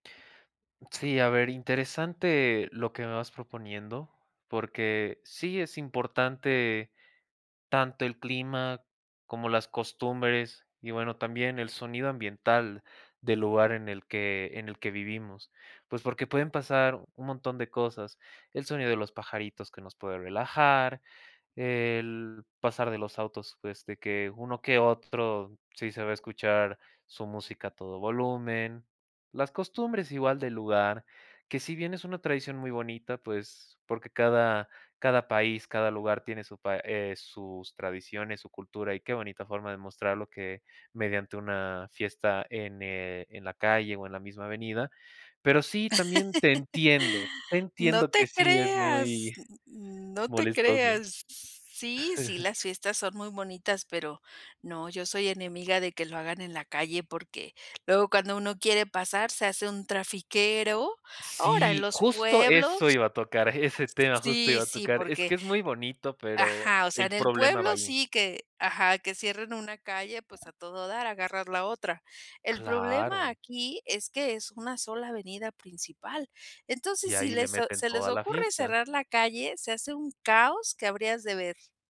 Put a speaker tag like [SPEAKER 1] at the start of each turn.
[SPEAKER 1] Sí, a ver, interesante lo que me vas proponiendo, porque sí es importante, tanto el clima, como las costumbres y, bueno, también el sonido ambiental, del lugar en el que en el que vivimos. Pues, porque pueden pasar un montón de cosas. El sonido de los pajaritos que nos puede relajar, el pasar de los autos, pues, de que uno que otro, sí se va a escuchar su música a todo volumen. Las costumbres igual, del lugar, que si bien es una tradición muy bonita, pues Porque cada cada país, cada lugar tiene su pa eh, sus tradiciones, su cultura y qué bonita forma de mostrarlo que mediante una fiesta en, eh, en la calle o en la misma avenida. Pero sí, también te entiendo, te
[SPEAKER 2] No
[SPEAKER 1] entiendo
[SPEAKER 2] te
[SPEAKER 1] que sí es
[SPEAKER 2] creas,
[SPEAKER 1] muy
[SPEAKER 2] n no te
[SPEAKER 1] molestoso.
[SPEAKER 2] creas. Sí, sí, las fiestas son muy bonitas, pero no, yo soy enemiga de que lo hagan en la calle, porque, luego, cuando uno quiere pasar, se hace un trafiquero. Ahora, en
[SPEAKER 1] Sí,
[SPEAKER 2] los
[SPEAKER 1] justo, eso
[SPEAKER 2] pueblos
[SPEAKER 1] iba a tocar, ese tema, justo,
[SPEAKER 2] Sí,
[SPEAKER 1] iba a
[SPEAKER 2] sí,
[SPEAKER 1] tocar. Es
[SPEAKER 2] porque
[SPEAKER 1] que es muy bonito, pero
[SPEAKER 2] Ajá, o sea,
[SPEAKER 1] el
[SPEAKER 2] en el
[SPEAKER 1] problema va
[SPEAKER 2] pueblo
[SPEAKER 1] ahí.
[SPEAKER 2] sí que ajá, que cierren una calle, pues, a todo dar, agarras la otra. El problema
[SPEAKER 1] Claro.
[SPEAKER 2] aquí, es que es una sola avenida principal, entonces,
[SPEAKER 1] Y
[SPEAKER 2] si
[SPEAKER 1] ahí le
[SPEAKER 2] les a
[SPEAKER 1] meten
[SPEAKER 2] se les
[SPEAKER 1] toda la
[SPEAKER 2] ocurre
[SPEAKER 1] fiesta.
[SPEAKER 2] cerrar la calle, se hace un caos, que habrías de ver.